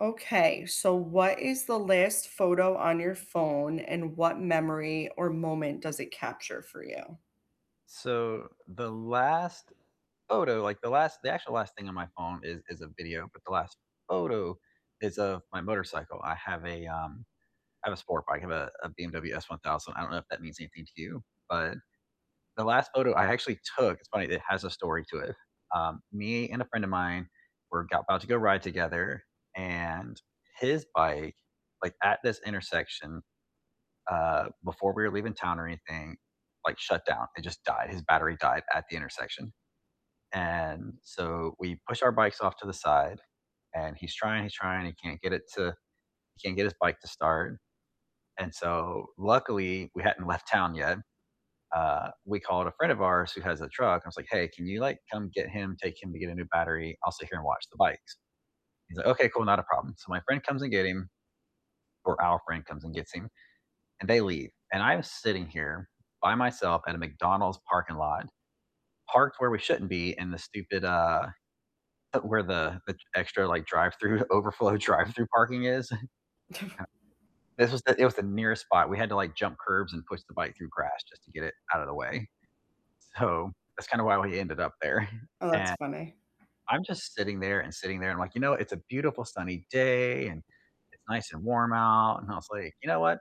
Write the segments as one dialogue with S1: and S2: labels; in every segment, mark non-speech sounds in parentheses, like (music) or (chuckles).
S1: Okay, so, what is the last photo on your phone, and what memory or moment does it capture for you?
S2: So, the last photo, like, the last the actual last thing on my phone is is a video, but the last photo is of my motorcycle. I have a, um I have a sport bike, I have a a BMW S1000, I don't know if that means anything to you, but the last photo I actually took, it's funny, it has a story to it, um, me and a friend of mine were g about to go ride together, and his bike, like, at this intersection, uh, before we were leaving town or anything, like shut down. It just died, his battery died at the intersection, and, so, we push our bikes off to the side, and he's trying, he's trying, he can't get it to he can't get his bike to start. And, so, luckily we hadn't left town yet, uh, we called a friend of ours who has a truck, and I was like, "Hey, can you, like, come get him, take him to get a new battery? I'll sit here and watch the bikes." He's like, "Okay, cool, not a problem." So my friend comes and get him, or our friend comes and gets him, and they leave. And I'm sitting here by myself at a McDonald's parking lot, parked where we shouldn't be in the stupid, uh, (chuckles) where the the extra, like, drive-through overflow drive-through parking is. (chuckles) (unintelligible) This
S1: (chuckles)
S2: was the it was the nearest spot, we had to like jump curbs and push the bike through grass just to get it out of the way. So that's kinda why we ended up there. (chuckles)
S1: Oh, that's
S2: And,
S1: funny.
S2: I'm just sitting there and sitting there and like, you know, it's a beautiful sunny day, and it's nice and warm out, and I was like, "you know what,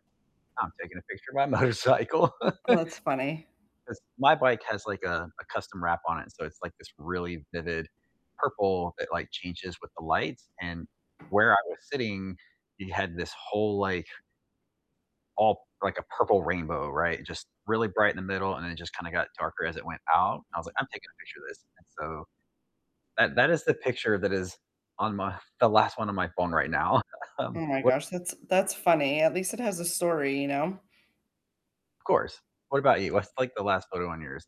S2: I'm taking a picture of my motorcycle."
S1: Oh, that's funny.
S2: 'Cause my bike has, like, a a custom wrap on it, so, it's, like, this really vivid purple that, like, changes with the lights, and where I was sitting you had this whole like all like a purple rainbow, right, just really bright in the middle, and it just kinda got darker as it went out. And I was like, "I'm taking a picture of this." And, so, that that is the picture that is on my the last one on my phone right now, um,
S1: Oh my
S2: what
S1: gosh, that's that's funny, at least it has a story, you know.
S2: Of course, what about you, what's, like, the last photo on yours?